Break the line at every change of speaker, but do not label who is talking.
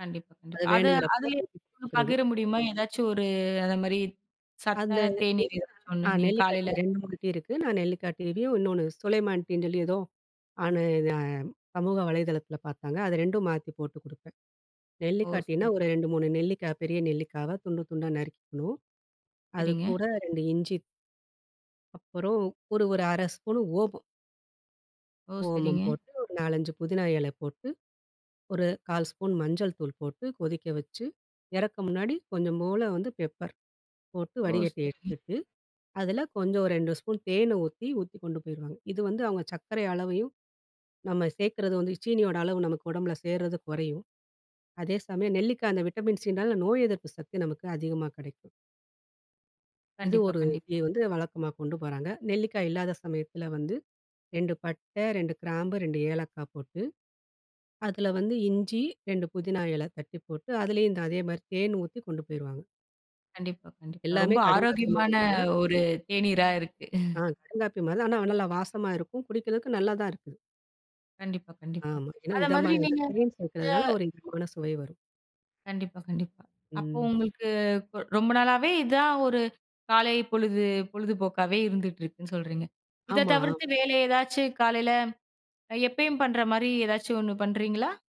கண்டிப்பா, கண்டிப்பா.
அது
அதை
வேணுங்கிறப்போ
அதிலேயே,
போட்டு குடிக்குறது.
பகிர முடியுமா? ஏதாச்சும் ஒரு அத மாரி
அந்த
சத்தான தேநீர்
[unintelligible]
ஏதாச்சும் ஒண்ணு
அ
நீங்க
நெல்லிக்கா டீ
காலைல
2, 3 டீ இருக்கு. நான் நெல்லிக்கா டீ லயும் இன்னொன்னு சுலைமான் டீ ன்னு சொல்லி ஏதோ ஆனு நான் சமூக வலைதளத்தில பார்த்தாங்க. அத 2ம் மாத்தி போட்டு குடுப்பேன்.
ஓ!
நெல்லிக்கா டீன்னா
சரி.
ஒரு 2, 3 நெல்லிக்கா பெரிய நெல்லிக்காவ, துண்டு துண்டா நறுக்கிக்கணும்.
சரிங்க.
அதுக்கூட 2 இஞ்சி. அப்புறம். ஒரு ஒரு 1/2 ஸ்பூனு ஓமம்.
ஓ!
ஓமம்
சரிங்க.
போட்டு. ஒரு 4, 5 புதினா எல போட்டு, ஒரு 1/4 ஸ்பூன் மஞ்சள் தூள் போட்டு, கொதிக்க வச்சு, இறக்க முன்னாடி கொஞ்சம்போல வந்து பெப்பர். போட்டு
ஓ!
வடிகட்டி
சரிங்க.
எடுத்துட்டு, அதில கொஞ்சம் ஒரு 2 ஸ்பூன் தேனு ஊத்தி, ஊத்தி கொண்டு போயிருவாங்க. இது வந்து அவங்க சக்கரை அளவையும், நம்ம சேர்க்கறது வந்து சீனியோட அளவு நமக்கு உடம்பில சேருறது கொறையும். அதே சமயம் நெல்லிக்கா அந்த விட்டமின் சினால நோய் எதிர்ப்பு சக்தி நமக்கு அதிகமா கடைக்கும். இது
கண்டிப்பா,
ஒரு டீ
கண்டிப்பா.
வந்து வழக்கமா கொண்டு போறாங்க. நெல்லிக்காய் இல்லாத சமயத்தில வந்து 2 பட்டை, 2 கிராம்பு, 2 ஏலக்கா போட்டு, அதில வந்து இஞ்சி 2 புதினா எல தட்டி போட்டு, அதிலயும் அந்த அதே மாதிரி தேனு ஊத்தி கொண்டு போயிருவாங்க.
கண்டிப்பா, கண்டிப்பா.
எல்லாமே
ரொம்ப
கடுங்காப்பி
ஆரோக்கியமான
மாதிரி தான்.
ஒரு தேநீரா இருக்கு.
ஆ. கடுங்காப்பி மாதிரி தான். ஆனா, நல்லா வாசமா இருக்கும். குடிக்கிறதுக்கு நல்லா தான் இருக்கு.
கண்டிப்பா, கண்டிப்பா.
ஆமா. ஏன்னா
அதமாதிரி
இதமான [unintelligible]
நீங்க
தேன்
அ
சேக்கிறதனால
[unintelligible]
ஒரு இதமான சுவை வரும்.
கண்டிப்பா, கண்டிப்பா. அப்ப
ம்.
உங்களுக்கு கு ரொம்ப நாளாவே இதான், ஒரு காலை பொழுது பொழுதுபோக்காவே, இருந்துட்ருக்குன்னு சொல்றீங்க. இத
ஆமா.
தவிர்த்து வேற ஏதாச்சு காலைல அ எப்பயும் பண்ற மாரி ஏதாச்சும் ஒண்ணு பண்றீங்களா?